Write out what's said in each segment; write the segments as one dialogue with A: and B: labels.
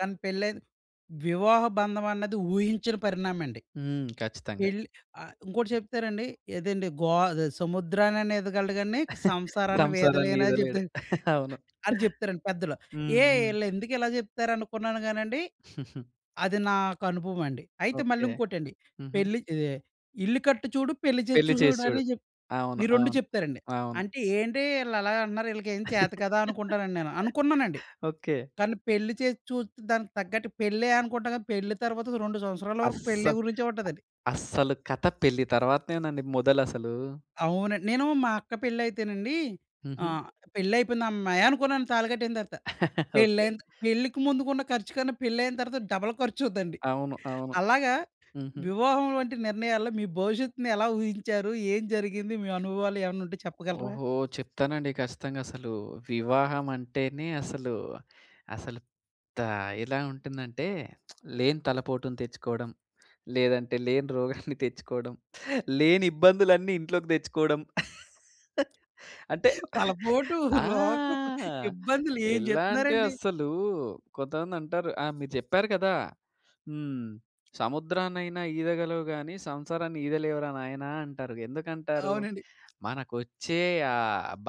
A: తనకి పెళ్ళయింది వివాహ బంధం అన్నది, ఊహించని పరిణామమండి.
B: హ్మ్. ఖచ్చితంగా.
A: పెళ్లి ఆహ్, ఇంకోటి చెప్తానండి, ఏదండీ గో అదే సముద్రాన్నయినా ఈదగలడు గానీ, సంసారాన్ని వీదలేనని చెప్తా
B: సంసారాన్నీదలేడు. అవును.
A: అని చెప్తారండి పెద్దలు.
B: హ్మ్.
A: ఏయ్!
B: హ్మ్.
A: ఈళ్ళెందుకిలా చెప్తారనుకున్నాను గానండి, అది నాకనుభవమండి. అయితే
B: ఓకే.
A: మళ్ళీంకోటండి,
B: హుహు.
A: పెళ్లి ఇదే ఇల్లు కట్టి చూడు, పెళ్లి చేసి
B: పెళ్లి చేసి చూడు.
A: చూసుడని జెప్
B: అవును.
A: ఈ 2
B: అవును.
A: చెప్తారండి.
B: అవును.
A: అంటే, ఏంటి ఈళ్ళలాగ అంటున్నారు, ఈళ్ళకేం చేత కాదా, అనుకుంటానండి నేను. అనుకున్నానండి.
B: ఓకే.
A: కానీ పెళ్లి చేసి చూస్తే దానికి తగ్గట్టు పెళ్ళే అనుకుంటాం గానీ, పెళ్లి తర్వాత 2 సంవత్సరాల వరకు పెళ్ళే
B: అస్సలు,
A: గురించే ఉంటదండి.
B: అస్సలు కథ పెళ్లి తర్వాతనేనండి మొదలసలూ.
A: అవునండి. నేనూ మా అక్క పెళ్లయితేనండీ,
B: హుహు.
A: ఆహ్, పెళ్లయిపోయింది హమ్మయ్య! అనుకున్నాను, తాళి కట్టేసిన తరత.
B: ఓకే.
A: పెళ్ళైన పెళ్ళికి ముందుకున్న ఖర్చు కన్నా, పెళ్ళైయిన తరువాత డబల్ ఖర్చవుద్దండి.
B: అవును. అవును.
A: అలాగా,
B: హుహు.
A: వివాహం వంటి నిర్ణయాల్లో, మీ భవిష్యత్తుని ఎలా ఊహించారు? ఏం జరిగింది? మీ అనుభవాలు ఏమన్నా ఉంటే చెప్పగలరా?
B: ఓహో! చెప్తానండి ఖచ్చితంగా, అసలు వివాహం అంటేనే అసలు, అసలు తా ఎలా ఉంటుందంటే, లేని తలపోటుని తెచ్చుకోడం, లేదంటే లేని రోగాన్ని తెచ్చుకోడం, లేని ఇబ్బందులన్నీ ఇంట్లోకి తెచ్చుకోవడం. అంటే
A: తలపోటు,
B: ఆ!
A: రోగం, ఇబ్బందులు ఏం
B: ఎలా అంటే,
A: జెప్తున్నారండీ!
B: అసలూ కొంతమందంటారు ఆ! మీరు జెప్పారు గదా! హ్మ్. సముద్రాన్నయినా ఈదగలవు గాని, సంసారాన్ని ఈదలేవురా నాయనా అంటారుగా! ఎందుకంటారు?
A: అవునండి.
B: మనకొచ్చే ఆ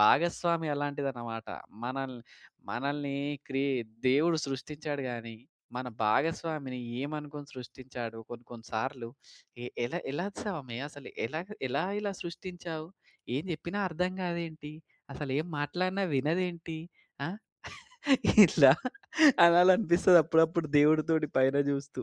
B: భాగస్వామి అలాంటిదనమాట. మనల్ని మనల్ని క్రి దేవుడు సృష్టిచ్చాడు గాని, మన భాగస్వామిని ఏమనుకుని సృష్టిచ్చాడు, కొన్ని కొన్ని సార్లు, ఎ ఎల ఎలా స్వామి అసలు ఎలాగ, ఎలా ఇలా సృష్టించావు? ఏం జెప్పినా అర్థం కాదేంటి? అసలేం మాట్లాడినా వినదేంటి? ఆ! ఇట్లా అనాలనిపిస్తదప్పుడప్పుడు, దేవుడితోటి పైన జూస్తూ.